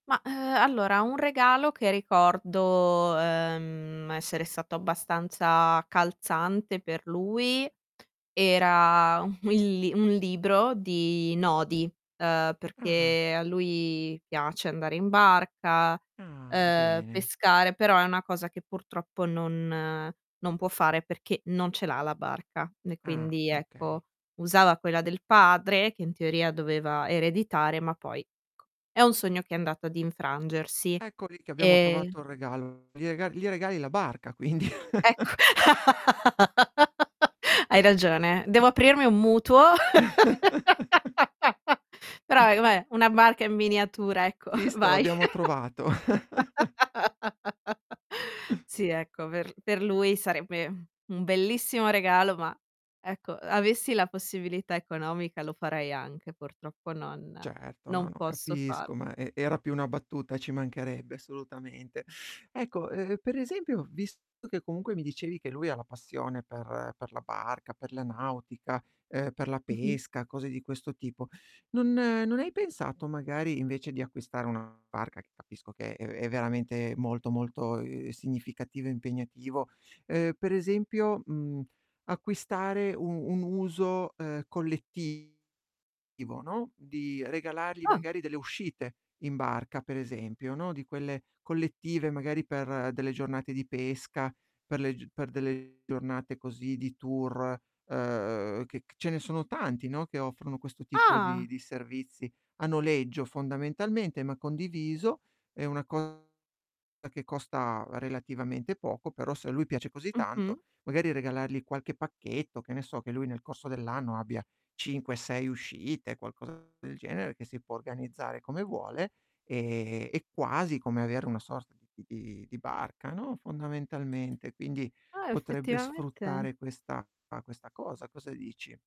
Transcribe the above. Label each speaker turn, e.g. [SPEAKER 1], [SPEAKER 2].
[SPEAKER 1] Mah, uhm, allora un regalo che ricordo, uhm, essere stato abbastanza calzante per lui era un li un libro di nodi, uhm,
[SPEAKER 2] Ah.
[SPEAKER 1] perché a lui piace andare in barca,
[SPEAKER 2] Ah,
[SPEAKER 1] uhm,
[SPEAKER 2] bene.
[SPEAKER 1] pescare però è una cosa che purtroppo non non può fare perché non ce l'ha la barca, e
[SPEAKER 2] Ah,
[SPEAKER 1] quindi
[SPEAKER 2] okay.
[SPEAKER 1] ecco, usava quella del padre, che in teoria doveva ereditare, ma poi è un sogno che è andato ad infrangersi.
[SPEAKER 2] Ecco lì che abbiamo
[SPEAKER 1] E
[SPEAKER 2] trovato il regalo. Gli rega gli regali la barca quindi.
[SPEAKER 1] Ecco. Hai ragione, devo aprirmi un mutuo. Però, com'è una barca in miniatura, ecco,
[SPEAKER 2] Visto?
[SPEAKER 1] vai.
[SPEAKER 2] L'abbiamo trovato.
[SPEAKER 1] Sì, ecco, aver per lui sarebbe, mhmm, un bellissimo regalo, ma, ecco, uhm, avessi la possibilità economica lo farei anche. Purtroppo non
[SPEAKER 2] Certo. N,
[SPEAKER 1] non
[SPEAKER 2] no,
[SPEAKER 1] posso far
[SPEAKER 2] capisco. Ma e era più una battuta, ci mancherebbe, assolutamente. Ecco, uhm, per esempio, ho visto che comunque mi dicevi che lui ha la passione per per la barca, per la nautica, uhm, per la
[SPEAKER 1] Mh-mh.
[SPEAKER 2] pesca, cose di questo tipo, non non hai pensato, magari, invece di acquistare una barca, che capisco che è è veramente molto, molto, uhm, significativo e impegnativo, uhm, per esempio, mhmm, acquistare u-un uso, uhm, collettivo, no, di regalargli,
[SPEAKER 1] Ah.
[SPEAKER 2] magari, delle uscite in barca, per esempio, no, di quelle collettive, magari per delle giornate di pesca, per le g per delle giornate così di tour, uhm, che c ce ne sono tanti, no, che offrono questo tipo
[SPEAKER 1] Ah.
[SPEAKER 2] di di servizi a noleggio fondamentalmente, ma condiviso. È una co che costa relativamente poco, però se a lui piace così tanto,
[SPEAKER 1] Mh-mh.
[SPEAKER 2] magari regalargli qualche pacchetto, che ne so, che lui nel corso dell'anno abbia, 5, 6 uscite, qualcosa del genere, che si può organizzare come vuole, e è quasi come avere una sorta di di di di barca, no, fondamentalmente. Quindi
[SPEAKER 1] Ah,
[SPEAKER 2] potrebbe
[SPEAKER 1] effettivamente
[SPEAKER 2] sfruttare questa questa cosa. Cosa dici?